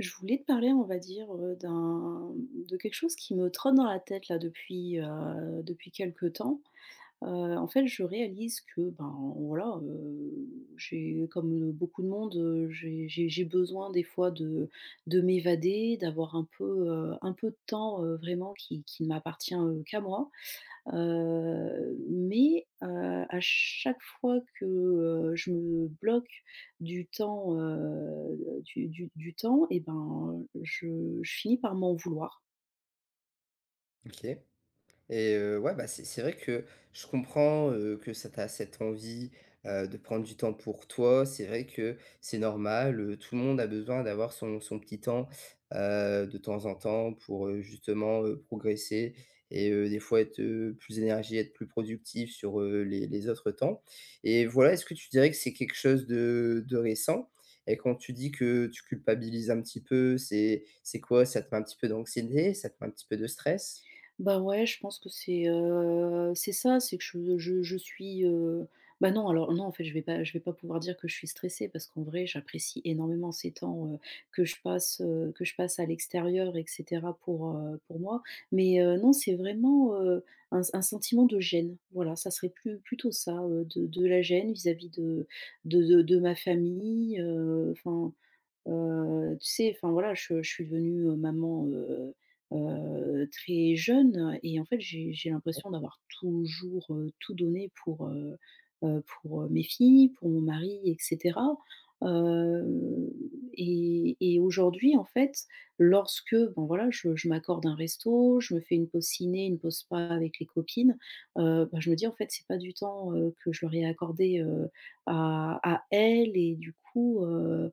Je voulais te parler on va dire, heu, d'un, hem, de quelque chose qui me trotte dans la tête, là, depuis, heu, depuis quelque temps, heu, en fait, je réalise que, ben, voilà, heu, j'ai comme, heu, beaucoup de monde, heu, j'ai j'ai j'ai besoin des fois de de m'évader, d'avoir un peu, heu, un peu de temps, heu, vraiment qui qui ne m'appartient, heu, qu'à moi, heu, mais heu, à chaque fois que, heu, je me bloque du temps, heu, du du du temps, eh ben, je je finis par m'en vouloir. OK et heu, ouais, bah, c'est c'est vrai que je comprends, heu, que ça tu as cette envie, heu, de prendre du temps pour toi. C'est vrai que c'est normal, heu, tout le monde a besoin d'avoir son son petit temps, heu, de temps en temps, pour, heu, justement, heu, progresser et heu, des fois être, heu, plus énergie et être plus productif sur, heu, les les autres temps et voilà, est-ce que tu dirais que c'est quelque chose de de récent et quand tu dis que tu culpabilises un petit peu c'est c'est quoi, ça te met un petit peu d'anxiété, ça te met un petit peu de stress? Bah, ouais je pense que c'est, heu, c'est ça. C'est que je je je suis, heu bah, non alors, non, en fait, je vais pas je vais pas pouvoir dire que je suis stressée, parce qu'en vrai j'apprécie énormément ces temps, heu, que je passe, heu, que je passe à l'extérieur et cetera, pour, heu, pour moi mais, heu, non c'est vraiment, heu, un s un sentiment de gêne, voilà. Ça serait plu plutôt ça, heu, de de la gêne vis-à-vis de de de de ma famille, heu enfin, heu, tu sais? Enfin voilà je je suis devenue maman, heu heu, très jeune et en fait, j'ai j'ai Ouais. l'impression d'avoir toujours, heu, tout donné pour, heu heu, pour mes filles, pour mon mari et cetera, heu, et et aujourd'hui en fait lorsque bon voilà je je m'accorde un resto, je me fais une pause ciné, une pause spa avec les copines, heu, bah, je me dis, en fait: «C'est pas du temps, heu, que je leur ai accordé, heu, à à elles» et du coup, heu,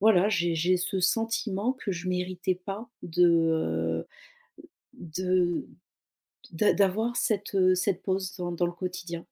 voilà j'ai j'ai ce sentiment que je méritais pas de, heu de d'a d'avoir cette, heu, cette pause dans dans le quotidien.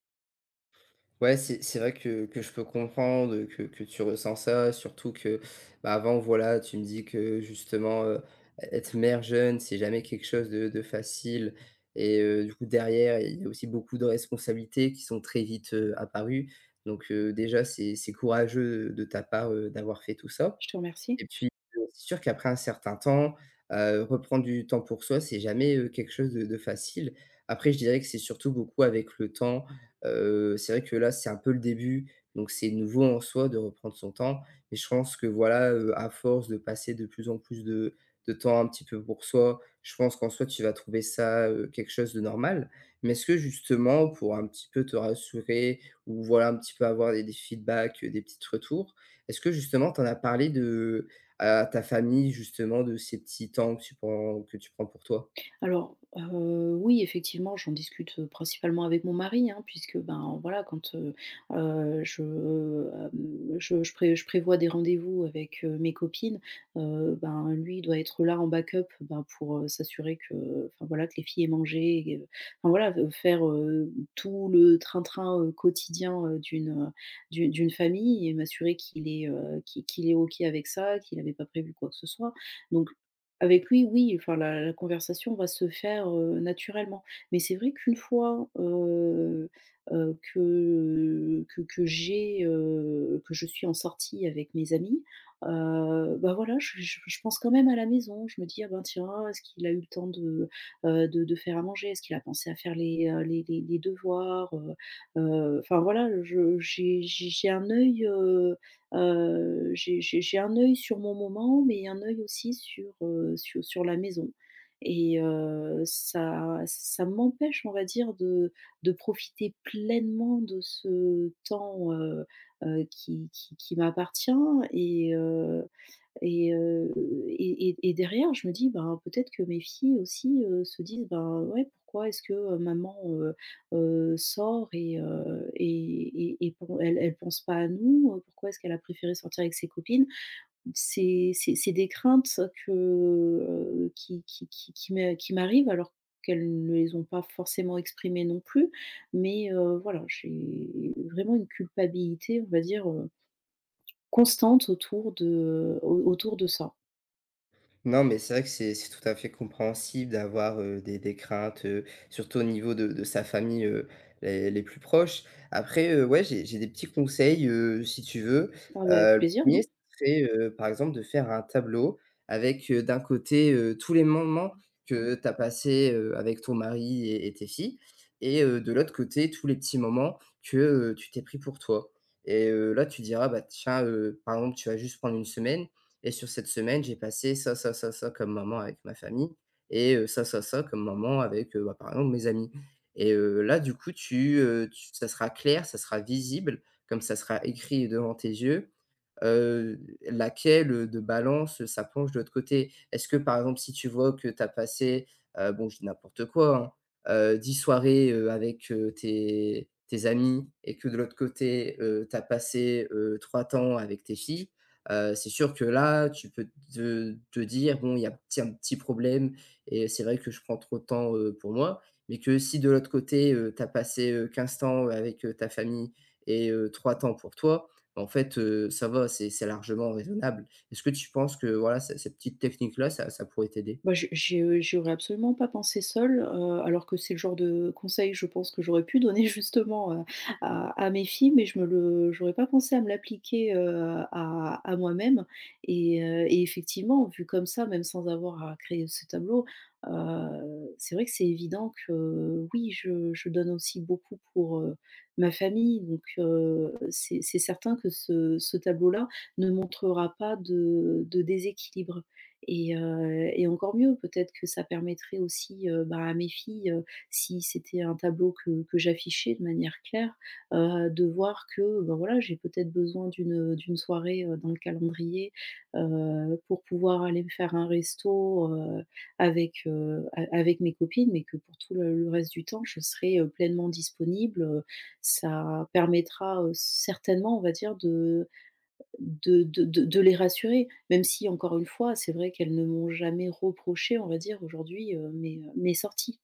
Ouais c'est c'est vrai que que je peux comprendre que que tu ressent ça, surtout que, bah, avant voilà, tu me dis que, justement, heu, ê être mère jeune, c'est jamais quelque chose de de facile et heu, du coup derrière, il y il y a aussi beaucoup de responsabilités qui sont très vite, heu, apparues. Donc, heu, déjà c'est c'est courageux de ta part, heu, d'avoir fait tout ça. Je te remercie. Et puis, heu, c'est sûr qu'après un certain temps, heu, reprendre du temps pour soi, c'est jamais, heu, quelque chose de de facile. Après, je dirais que c'est surtout beaucoup avec le temps, heu, c'est vrai que là, c'est un peu le début. Donc c'est nouveau en soi de reprendre son temps et je pense que voilà, heu, à force de passer de plus en plus de de temps un petit peu pour soi, je pense qu'en soi tu vas trouver ça, heu, quelque chose de normal. Mais est-ce que justement, pour un petit peu te rassurer ou voilà, un petit peu avoir des des feedbacks, heu, des petites retours, est-ce que justement tu en as parlé de à ta famille justement, de ces petits temps que tu prends que tu prends pour toi? Alors, heu, oui effectivement j'en discute principalement avec mon mari, hein, puisque ben voilà, quand, heu heu, je, heu, hem, je je prév je prévois des rendez-vous avec, heu, mes copines, heu, ben, lui il doit être là en backup ben, pour, heu, s'assurer que, heu enfin voilà que les filles aient mangé et enfin voilà faire, heu, tout le train-train, heu, quotidien, heu, d'une heu, d'u d'une famille et m'assurer qu'il est, heu qui qu'il est OK avec ça, qu'il avait pas prévu quoi que ce soit. Donc avec lui oui, enfin la la conversation va se faire, heu, naturellement. Mais c'est vrai qu'une fois, heu heu, que, heu, que que j'ai heu que je suis en sortie avec mes amis, heu, bah, voilà je je je pense quand même à la maison, je me dis: «Ah ben tiens, est-ce qu'il a eu le temps de heu, de de faire à manger? Est-ce qu'il a pensé à faire les heu, les les, les devoirs?» Heu heu, enfin voilà je j'ai j'ai j'ai un œil, heu heu j'ai j'ai j'ai un œil sur mon moment mais un œil aussi sur, heu, su sur la maison. Et heu, ça ça m'empêche on va dire de de profiter pleinement de ce temps, heu heu, qui qui qui m'appartient et heu et heu et et et derrière je me dis, ben peut-être que mes filles aussi, heu, se disent: «Ben ouais, pourquoi est-ce que, heu, maman, heu heu, sort? Et heu et et et pen elle elle pense pas à nous, pourquoi est-ce qu'elle a préféré sortir avec ses copines?» c'est c'est c'est des craintes ça que qui qui qui qui me qui m'arrivent alors qu'elles ne les ont pas forcément exprimées non plus. Mais heu, voilà j'ai vraiment une culpabilité on va dire, heu constante autour de au autour de ça. Non, mais c'est vrai que c'est c'est tout à fait compréhensible d'avoir heu, des des craintes heu, surtout au niveau de de sa famille heu, les les plus proches. Après heu, ouais j'ai j'ai des petits conseils, heu, si tu veux, Ah bah, avec heu, le plaisir 1er oui. c'est heu, par exemple de faire un tableau avec heu, d'un côté, heu, tous les moments que tu as passé, heu, avec ton mari et et tes filles, et heu, de l'autre côté tous les petits moments que, heu, tu t'es pris pour toi et heu là tu diras, bah tiens heu, par exemple, tu vas juste prendre une semaine, et: «sur cette semaine j'ai passé ça, ça, ça, ça, comme moments avec ma famille, et heu, ça, ça, ça, comme moments avec heu, bah, par exemple mes amis». Et heu, là du coup, tu heu tu ça sera clair, ça sera visible comme ça sera écrit devant tes yeux, heu, laquelle, heu, de balance, heu, ça penche de l'autre côté. Est-ce que par exemple, si tu vois que tu as passé, heu bon je dis n'importe quoi hein, heu, 10 soirées, heu, avec heu, tes tes amis, et que de l'autre côté, heu, tu as passé, heu, 3 temps avec tes filles, heu. C'est sûr que là tu peux te te dire: «Bon, il y a petit un petit problème et c'est vrai que je prends trop de temps, heu, pour moi.» mais que si de l'autre côté, heu, tu as passé, heu, 15 temps avec, heu, ta famille et heu, 3 temps pour toi, en fait, heu, ça va c'est c'est largement raisonnable. Est-ce que tu penses que voilà, ce cette petite technique là, ça ça pourrait t'aider? Bah je j'ai heu, j'y aurais absolument pas pensé seule heu, alors que c'est le genre de conseil je pense, que j'aurais pu donner justement heu, à à mes filles mais je me le j'aurais pas pensé à me l'appliquer heu, à à moi-même, et heu, et effectivement, vu comme ça même sans avoir à créer ce tableau heu, c'est vrai que c'est évident que oui, je je donne aussi beaucoup pour, heu, ma famille donc heu, c'est c'est certain que ce ce tableau là ne montrera pas de de déséquilibre. Et heu, et encore mieux peut-être que ça permettrait aussi, heu, bah, à mes filles, heu, si c'était un tableau que que j'affichais de manière claire, heu, de voir que bah, voilà j'ai peut-être besoin d'une, heu d'une soirée, heu, dans le calendrier, heu, pour pouvoir aller me faire un resto, heu, avec heu a avec mes copines. Mais que pour tout le le reste du temps je serai, heu, pleinement disponible, heu, ça permettra, heu, certainement on va dire de de de de de les rassurer, même si encore une fois, c'est vrai qu'elles ne m'ont jamais reproché on va dire, aujourd'hui, heu, mes heu, mes sorties.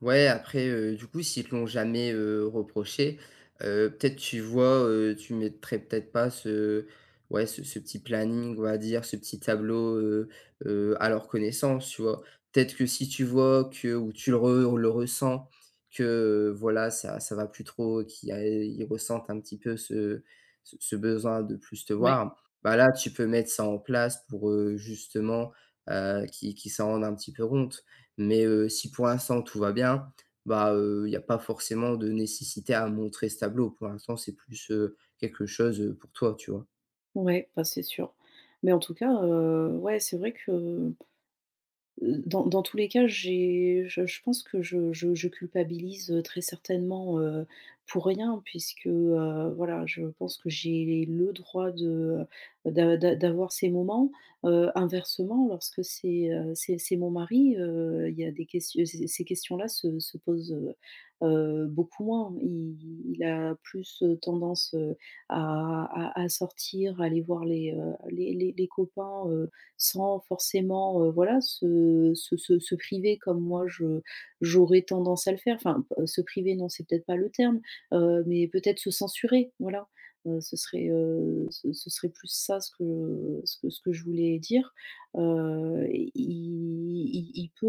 Ouais après, heu, du coup s'ils te l'ont jamais, heu, reproché, heu, peut-être tu vois, heu, tu mettrais peut-être pas ce ouais, ce ce petit planning, on va dire, ce petit tableau, heu heu, à leur connaissance, tu vois? Peut-être que si tu vois que ou tu le re le ressens que voilà ça ça va plus trop qu'il y a ils ressentent un petit peu ce ce ce besoin de plus te Ouais. voir, bah, là tu peux mettre ça en place pour, heu, justement, heu, qu'ils qu'ils s'en rendent un petit peu compte mais heu, si pour l'instant tout va bien, bah, heu, il y a pas forcément de nécessité à montrer ce tableau, pour l'instant, c'est plus, heu, quelque chose, heu, pour toi, tu vois? Ouais, bah, c'est sûr mais en tout cas, heu, ouais, c'est vrai que, heu heu, dans dans tous les cas j'ai je je pense que je je je culpabilise, heu, très certainement, heu, pour rien puisque, heu, voilà, je pense que j'ai le droit de, heu, d'a d'a d'avoir ces moments, heu, inversement lorsque c'est, heu, c'est c'est mon mari, heu, il y a des questi heu, ces ces questions là se se posent, heu heu, beaucoup moins. Il il a plus, heu, tendance, heu, à à à sortir, à aller voir les, heu, les les les copains, heu, sans forcément, heu, voilà, se se se se priver comme moi je j'aurais tendance à le faire enfin, heu, se priver non c'est peut-être pas le terme, heu, mais peut-être se censurer, voilà, heu, ce serait, heu, ce ce serait plus ça ce que, heu, ce que ce que je voulais dire, heu, il il il peut,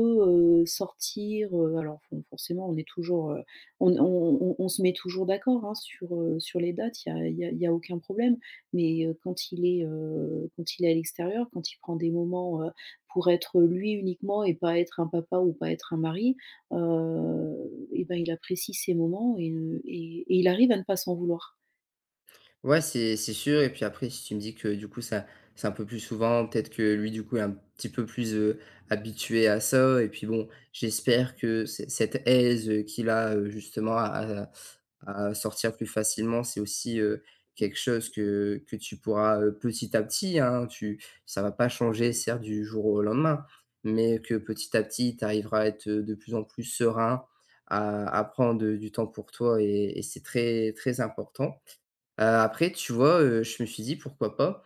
heu, sortir, heu, alors fo forcément on est toujours, heu, on est on on on se met toujours d'accord, hein, sur, heu, sur les dates, il y a il y a il y a aucun problème mais heu, quand il est, heu, quand il est à l'extérieur, quand il prend des moments, heu, pour être lui uniquement et pas être un papa ou pas être un mari, heu et bah, il apprécie ces moments et heu et et il arrive à ne pas s'en vouloir. Ouais, c'est c'est sûr et puis après si tu me dis que du coup ça c'est un peu plus souvent, ou peut-être que lui du coup, est un petit peu plus, heu, habitué à ça et puis bon j'espère que c cette aise, heu, qu'il a, heu, justement à à à sortir plus facilement, c'est aussi, heu, quelque chose que que tu pourras, heu, petit à petit, hein tu ça va pas changer certes du jour au lendemain. Mais que petit à petit, tu arriveras à être, heu, de plus en plus serein à à prendre, heu, du temps pour toi et et c'est très très important, heu, après, tu vois, heu, je me suis dit pourquoi pas,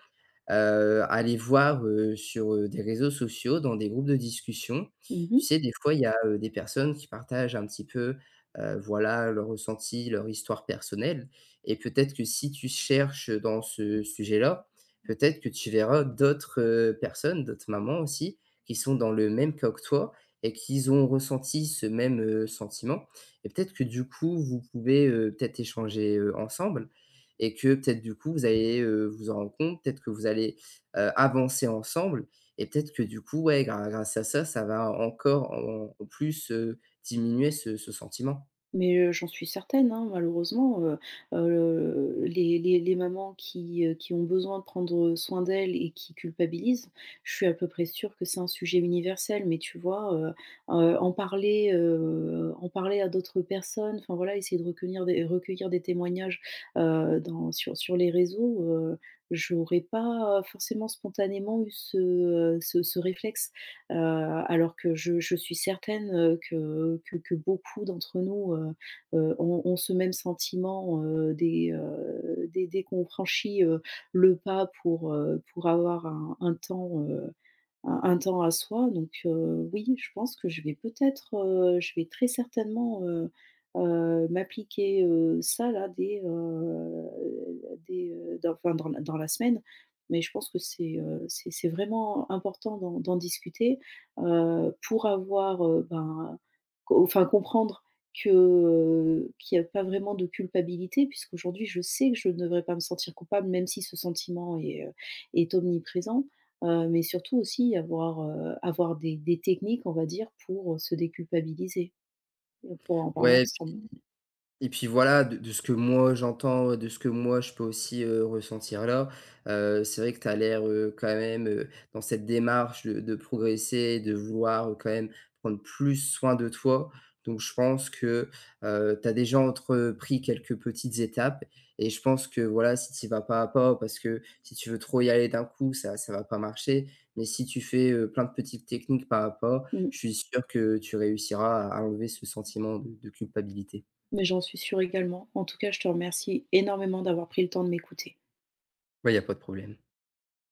heu, aller voir, heu, sur, heu, des réseaux sociaux, dans des groupes de discussion. Mmh Tu mh. sais, des fois il y a, heu, des personnes qui partagent un petit peu, heu, voilà, leur ressenti, leur histoire personnelle et peut-être que si tu cherches dans ce sujet-là, peut-être que tu verras d'autres, heu, personnes. D'autres mamans aussi qui sont dans le même cas que toi et qui s ont ressenti ce même, heu, sentiment et peut-être que du coup, vous pouvez, heu, peut-être échanger, heu, ensemble et que peut-être du coup vous allez, heu, vous en rendre compte? Peut-être que vous allez, heu, avancer ensemble et peut-être que du coup, ouais grâ grâce à ça, ça va encore en en plus, heu, diminuer ce ce sentiment? Mais heu, j'en suis certaine, hein, malheureusement, heu heu, le les les les mamans qui, heu, qui ont besoin de prendre, heu, soin d'elles et qui culpabilisent, je suis à peu près sûre que c'est un sujet universel mais tu vois, heu, heu, en parler, heu, en parler à d'autres personnes, enfin voilà essayer de recueillir- recueillir des témoignages, heu, dans sur sur les réseaux, heu, j'aurais pas forcément spontanément eu ce, heu, ce ce réflexe, heu, alors que je je suis certaine, heu, que que que beaucoup d'entre nous, heu heu, ont ont ce même sentiment, heu, dès, heu, dès dès qu'on franchit, heu, le pas pour, heu, pour avoir un un temps, heu un un temps à soi. Donc heu, oui je pense que je vais peut-être, heu je vais très certainement, heu heu, m'appliquer, heu, ça là, dès, heu, dès, heu, d'enfin dans la dans la semaine. Mais je pense que c'est, heu, c'est c'est vraiment important d'en d'en discuter, heu, pour avoir, heu, ben co enfin comprendre que, heu qu'il y a pas vraiment de culpabilité, puisqu'aujourd'hui je sais que je ne devrais pas me sentir coupable même si ce sentiment est, heu, est omniprésent, heu, mais surtout aussi avoir, heu, avoir des des techniques on va dire pour, heu, se déculpabiliser. On pourrait en parler Ouais puis ensemble. et puis voilà, de de ce que moi j'entends, de ce que moi je peux aussi, heu, ressentir là, heu, c'est vrai que tu as l'air, heu, quand même, heu, dans cette démarche de de progresser, de vouloir quand même prendre plus soin de toi. Donc je pense que, heu, tu as déjà entrepris quelques petites étapes et je pense que voilà, si tu y vas pas à pas, parce que si tu veux trop y aller d'un coup, ça ça va pas marcher. Mais si tu fais, heu, plein de petites techniques pas à pas, Mmh. je suis sûr que tu réussiras à à enlever ce sentiment de de culpabilité. Mais j'en suis sûre également. En tout cas je te remercie énormément d'avoir pris le temps de m'écouter. Bah, il y a pas de problème.